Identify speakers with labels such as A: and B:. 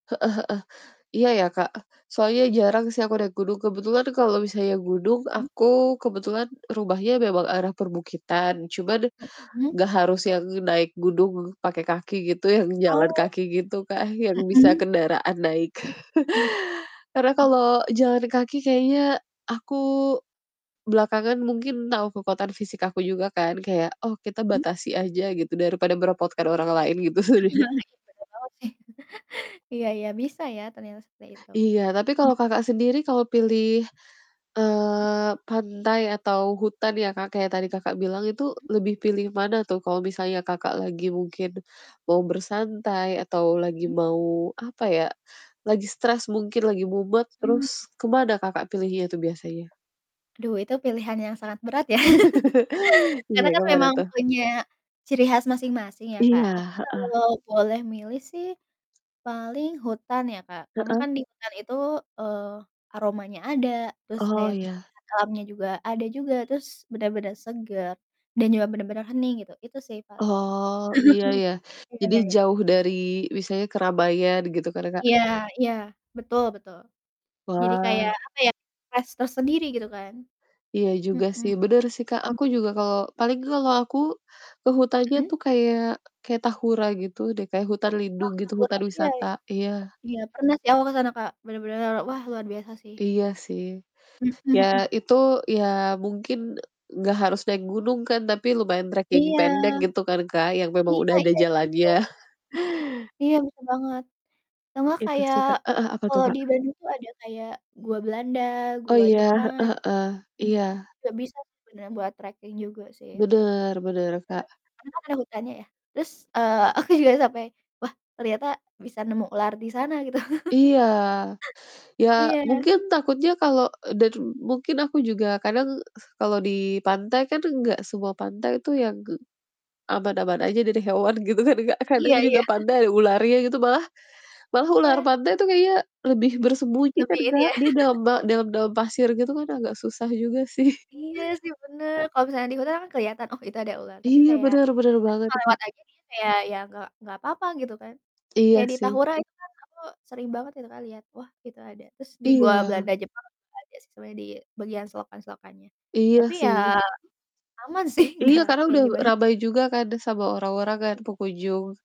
A: Heeh heeh. Iya ya Kak, soalnya jarang sih aku naik gunung, kebetulan kalau misalnya gunung
B: Mhm.
A: aku kebetulan rumahnya memang arah perbukitan, cuman
B: Mhm.
A: gak harus yang naik gunung pakai kaki gitu yang jalan
B: Oh.
A: kaki gitu kan yang bisa
B: Mhm.
A: kendaraan naik.
B: Mhm.
A: Karena
B: M
A: kalau jalan kaki kayaknya aku belakangan mungkin tahu kekuatan fisik aku juga kan kayak, oh kita
B: Mmm.
A: batasi aja gitu daripada merepotkan orang lain gitu sebenernya.
B: Itu doang sih. Iya iya, bisa ya ternyata seperti itu.
A: Iya, tapi kalau
B: Mhm.
A: Kakak sendiri kalau pilih, eee, pantai atau hutan ya Kak, kayak tadi Kakak bilang itu
B: Mmm.
A: lebih pilih mana tuh kalau misalnya Kakak lagi mungkin mau bersantai atau lagi
B: Mhm.
A: mau apa ya, lagi stress mungkin, lagi mumet,
B: Mmm.
A: terus ke mana Kakak pilihnya itu biasanya?
B: Aduh itu pilihan yang sangat berat ya. Karena
A: Iya,
B: kan
A: ke mana
B: memang
A: tuh?
B: punya ciri khas masing-masing ya Kak,
A: Iya,
B: tapi
A: heeh.
B: kalau boleh milih sih paling hutan ya Kak, karena
A: Heeh.
B: kan di hutan itu, eee, aromanya ada terus
A: Oh,
B: kayak
A: iya.
B: keindahan alamnya juga ada juga, terus bener-bener segar dan juga bener-bener hening gitu, itu sih paling.
A: Oh, iya ya.
B: Iya
A: Jadi
B: ya ya.
A: jauh dari misalnya keramaian gitu kan Kak?
B: Iya, iya. Betul betul, jadi kayak
A: Wah.
B: apa ya, stress tersendiri gitu kan.
A: Iya juga sih,
B: Mhm.
A: bener sih Kak.
B: Mmm.
A: Aku juga kalau paling kalau aku ke hutannya
B: Mhm.
A: tuh kayak kayak Tahura gitu deh kayak hutan
B: Oh
A: lindung gitu,
B: Tahura,
A: hutan
B: iya
A: wisata.
B: ya.
A: Iya.
B: Iya pernah sih aku ke sana Kak, bener-bener wah luar biasa sih.
A: Iya sih.
B: Mhm
A: Ya
B: mhm.
A: itu ya mungkin e gak harus naik gunung kan, tapi lumayan treking
B: Iya.
A: pendek gitu kan Kak, yang memang
B: Iya
A: udah ada
B: iya itu bisa.
A: jalannya.
B: Iya bisa banget, sama
A: Ya, itu
B: kayak
A: sih Kak heeh, apa tuh
B: kalau
A: Kak?
B: di Bandung itu ada kayak Goa Belanda,
A: Oh
B: Goa
A: iya,
B: Jepang ada
A: heeh
B: itu
A: heeh.
B: kan
A: Iya.
B: juga bisa sebenernya buat treking juga sih.
A: Bener bener
B: Iya,
A: Kak.
B: karena kan ada hutannya ya. Terus, eee, aku juga sampai, "Wah ternyata bisa nemu ular di sana," gitu.
A: Iya, ya
B: Iya.
A: mungkin takutnya kalau daru mungkin aku juga kadang kalau di pantai kan enggak semua pantai itu yang aman-aman aja dari hewan gitu kan Kak, kadang
B: Iya
A: juga
B: iya.
A: pantai ada ularnya gitu mah. Malah ular
B: Iya.
A: pantai itu kayaknya lebih bersembunyi
B: Lebih
A: kan
B: ini
A: Kak,
B: ya.
A: di dalam ba dalam-dalam pasir gitu kan agak susah juga sih.
B: Iya sih bener, kalau misalnya di kota kan keliatan, "Oh itu ada ular," tapi
A: Iya
B: kayak
A: bener bener
B: kita
A: banget
B: cuma lewat
A: Kak.
B: aja dia kayak ya gak gak apa-apa gitu kan. Kayak
A: Iya
B: di
A: sih.
B: Tahura itu kan aku sering banget gitu Kak liat, "Wah itu ada." Terus di Goa
A: Iya.
B: Belanda, Jepang ada sih sebenernya di bagian selokan-selokannya,
A: Iya
B: tapi ya
A: sih.
B: aman sih
A: Iya
B: nggak
A: karena
B: kayak
A: udah
B: gimana.
A: ramai juga kan, sama orang-orang kan, pengunjung.